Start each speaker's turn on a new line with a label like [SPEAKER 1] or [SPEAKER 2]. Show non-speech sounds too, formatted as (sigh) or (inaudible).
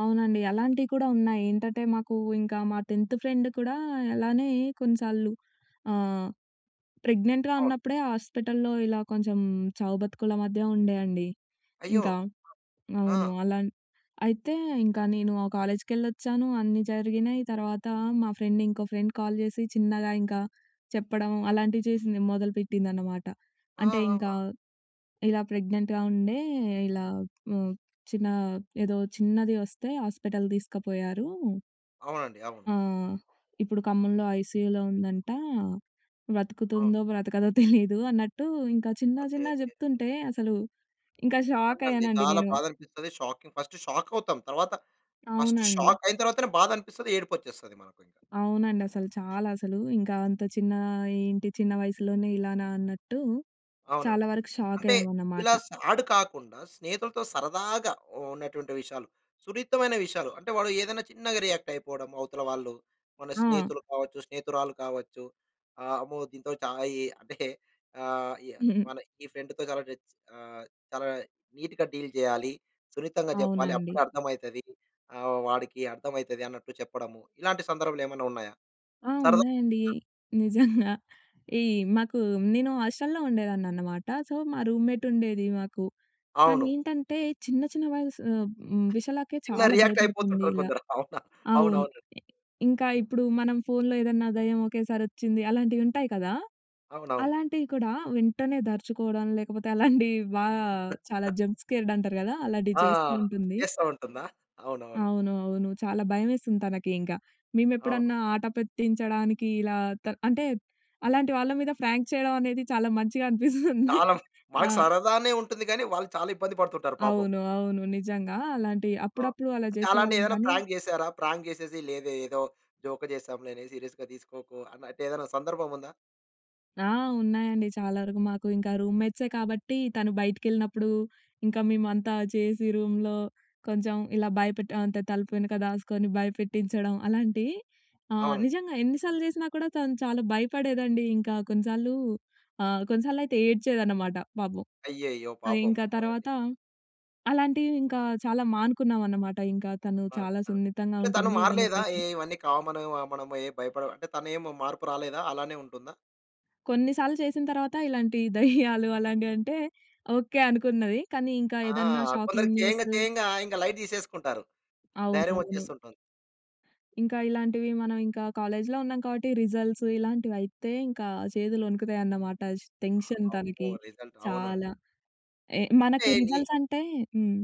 [SPEAKER 1] అవునండి. అలాంటియి కూడా ఉన్నాయి. ఏంటటే మాకూ ఇంకా మా 10థ్ ఫ్రెండ్ కుడా అలానే కొన్నిసార్లు ఆహ్, ప్రెగ్నెంట్‌గా
[SPEAKER 2] అవును.
[SPEAKER 1] ఉన్నప్పుడే హాస్పిటల్‌లో ఇలా కొంచెం చావు బతుకుల మధ్య ఉండే అండి.
[SPEAKER 2] అయ్యో!
[SPEAKER 1] ఇంకా.
[SPEAKER 2] ఆ!
[SPEAKER 1] అవును. అలాన్ అయితే ఇంకా నేనూ ఆ కాలేజ్‌కెళ్ళొచ్చాను, అన్నీ జరిగినయి. తర్వాత మా ఫ్రెండ్ ఇంకో ఫ్రెండ్ కాల్ జేసి చిన్నగా ఇంకా చెప్పడం అలాంటివి చేసింది. మొదలుపెట్టిందనమాట.
[SPEAKER 2] ఆ!
[SPEAKER 1] అంటే ఇంకా
[SPEAKER 2] ఆహా!
[SPEAKER 1] "ఇలా ప్రెగ్నెంట్‌గా ఉండే, ఇలా హ్మ్, చిన్నా ఏదో చిన్నది వస్తే ఆస్పిటల్ దీసుకపోయారూ."
[SPEAKER 2] అవునండి. అవును.
[SPEAKER 1] ఆ! "ఇప్పుడు ఖమ్మంలో ఐసీయూలో ఉందంట.
[SPEAKER 2] అవును.
[SPEAKER 1] బ్రతుకుతుందో, బ్రతకదో తెలీదు" అన్నట్టు ఇంకా చిన్న
[SPEAKER 2] అదే
[SPEAKER 1] చిన్నగ
[SPEAKER 2] అదే.
[SPEAKER 1] జెప్తుంటే అసలూ ఇంకా
[SPEAKER 2] అవునండి.
[SPEAKER 1] షాకయ్యానండి
[SPEAKER 2] చాలా
[SPEAKER 1] నేను.
[SPEAKER 2] బాధనిపిస్తది. షాకింగ్, ఫస్టు షాకవుతాం. తర్వాత, ఫస్టు
[SPEAKER 1] అవునండి.
[SPEAKER 2] షాకయిన తరువాతనే బాధనిపిస్తది, ఏడుపొచ్చేస్తది మనకి.
[SPEAKER 1] అవునండసలు చాలా అసలు, ఇంకా అంత చిన్నా ఏంటి, చిన్న వయసులోనే ఇలానా అన్నట్టు, చాలా
[SPEAKER 2] అవునండి.
[SPEAKER 1] వరకు
[SPEAKER 2] అంటే
[SPEAKER 1] షాకయ్యామనమాట.
[SPEAKER 2] ఇలా సాడ్ కాకుండా, స్నేహితులతో సరదాగా ఉ ఉన్నటువంటి విషయాలు, సున్నితమైన విషయాలు. అంటే వాడు ఏదన్నా చిన్నగా రియాక్టయిపోడము అవతల వాళ్ళు. మన
[SPEAKER 1] ఆ!
[SPEAKER 2] స్నేహితులు కావచ్చు, స్నేహితురాళ్ళు కావచ్చు, ఆహ్, అమ్మో! దీంతో చా ఇ అంటే ఆహ్, య
[SPEAKER 1] (chuckles)
[SPEAKER 2] మన ఈ ఫ్రెండ్‌తో చాలా టెన్స్ ఆహ్, చాలా నీట్‌గా డీల్ జేయాలి. సున్నితంగా జెప్పాలి.
[SPEAKER 1] అవునండి.
[SPEAKER 2] అప్పుడర్థమైతది. ఆహ్, వాడికి అర్థమైతది అన్నట్టు చెప్పడము. ఇలాంటి సందర్భాలేమన్నా ఉన్నాయా?
[SPEAKER 1] ఆ!
[SPEAKER 2] సరదా
[SPEAKER 1] ఉన్నాయండి. నిజంగా. ఈ మాకు నేను హాస్టల్‌లో ఉండేదాన్ననమాట. సో, మా రూమ్‌మేటుండేది మాకు.
[SPEAKER 2] అవును.
[SPEAKER 1] తనేంటంటే చిన్న చిన్న వయసు ఆహ్, హ్మ్. విషయాలకే
[SPEAKER 2] చిన్న
[SPEAKER 1] చాలా భయపడుతుంది
[SPEAKER 2] రియాక్టయిపోతుంటారు
[SPEAKER 1] ఇలా.
[SPEAKER 2] కొందరు. అవునా?
[SPEAKER 1] అవును.
[SPEAKER 2] అవునవును.
[SPEAKER 1] ఇంకా ఇప్పుడు మనం ఫోన్‌లో ఏదన్నా దెయ్యం ఒకేసారొచ్చింది, అలాంటివి ఉంటాయి కదా!
[SPEAKER 2] అవునవును.
[SPEAKER 1] అలాంటివి కూడా వెంటనే దర్చుకోవడం లేకపోతే అలాంటియి బా చాలా
[SPEAKER 2] (chuckles)
[SPEAKER 1] జంప్ స్కేర్డ్ అంటారు కదా! అలాటియి
[SPEAKER 2] ఆ!
[SPEAKER 1] చేస్తూ ఉంటుంది.
[SPEAKER 2] చేస్తా ఉంటుందా? అవునవును.
[SPEAKER 1] అవును. అవును. చాలా భయమేసింది. తనకి ఇంక.
[SPEAKER 2] అవును.
[SPEAKER 1] మేమెప్పుడన్నా ఆటపెట్టించడానికి ఇలా త అంటే అలాంటి వాళ్ళ మీద ఫ్రాంక్ చేయడం అనేది చాలా మంచిగా అనిపిస్తుంది.
[SPEAKER 2] తాళం,
[SPEAKER 1] ఆ!
[SPEAKER 2] మనకు సరదానే ఉంటుంది గానీ వాళ్ళు చాలా ఇబ్బంది పడుతుంటారు పాపం.
[SPEAKER 1] అవును. అవును. నిజంగా అలాంటియి
[SPEAKER 2] అవును.
[SPEAKER 1] అప్పుడప్పుడు అలా
[SPEAKER 2] అంటే
[SPEAKER 1] జేసేవాళ్ళం
[SPEAKER 2] అలాంటియేవన్నా
[SPEAKER 1] కానీ
[SPEAKER 2] ప్రాంక్ జేసారా? ప్రాంక్ జేసేసి లేదే ఏదో జోకు చేసాం, దీన్నేం సీరియస్‌గా తీసుకోకు అన్న అంటే ఏదైనా సందర్భముందా?
[SPEAKER 1] ఆ! ఉన్నాయండి చాలా వరకు మాకు, ఇంకా రూమ్‌మేట్సే కాబట్టి తను బయటికెళ్ళినప్పుడు, ఇంక మేమంతా చేసి రూమ్‌లో కొంచెం ఇలా భయపెట్టి, అంతే తలుపు వెనక దాసుకొని భయపెట్టించడం అలాంటియి, ఆహ్,
[SPEAKER 2] అవునండి.
[SPEAKER 1] నిజంగా ఎన్నిసార్లు జేసినా కూడా తను చాలా భయపడేదండి. ఇంకా కొన్నిసార్లు ఆహ్, కొన్నిసార్లయితే ఏడ్చేదనమాట, పాపం.
[SPEAKER 2] అయ్యయ్యో!
[SPEAKER 1] ఆహ్,
[SPEAKER 2] పాపం.
[SPEAKER 1] ఇంక
[SPEAKER 2] అవునండి.
[SPEAKER 1] తర్వాత అలాంటివి ఇంకా చాలా మానుకున్నావనమాట ఇంక. తను చాలా
[SPEAKER 2] మారుంటారు.
[SPEAKER 1] సున్నితంగా
[SPEAKER 2] అంటే తను
[SPEAKER 1] ఉంటుంది ఏదన్నా
[SPEAKER 2] మారలేదా? ఏ
[SPEAKER 1] చేసిన.
[SPEAKER 2] ఇవన్నీ కామను మనము ఏం భయపడము అంటే తనేమి మార్పు రాలేదా? అలానే ఉంటుందా?
[SPEAKER 1] కొన్నిసార్లు చేసిన తరువాత, ఇలాంటి దెయ్యాలు అలాంటివంటే ఓకే. అనుకున్నది. కానీ ఇంకా
[SPEAKER 2] ఆ!
[SPEAKER 1] ఏదన్నా షాకింగ్
[SPEAKER 2] కొందరికి చేయంగా
[SPEAKER 1] న్యూసు
[SPEAKER 2] చేయంగా ఇంగ లైట్ తీసేసుకుంటారు. ధైర్యం
[SPEAKER 1] అవునవును.
[SPEAKER 2] వచ్చేస్తుంటుంది.
[SPEAKER 1] ఇంకా ఇలాంటివి మనం ఇంకా కాలేజ్‌‌‌లో ఉన్నాం కావట్టి రిజల్ట్స్ ఇలాంటివయితే ఇంకా చేతులు వణుకుతాయన్నమాట. ష్ టెన్షన్
[SPEAKER 2] అమ్మో!
[SPEAKER 1] తనకి,
[SPEAKER 2] రిజల్ట్ అవునన్
[SPEAKER 1] చాలా. ఎ
[SPEAKER 2] అంటే
[SPEAKER 1] మనకు
[SPEAKER 2] నీ
[SPEAKER 1] రిజల్ట్సంటే హ్మ్.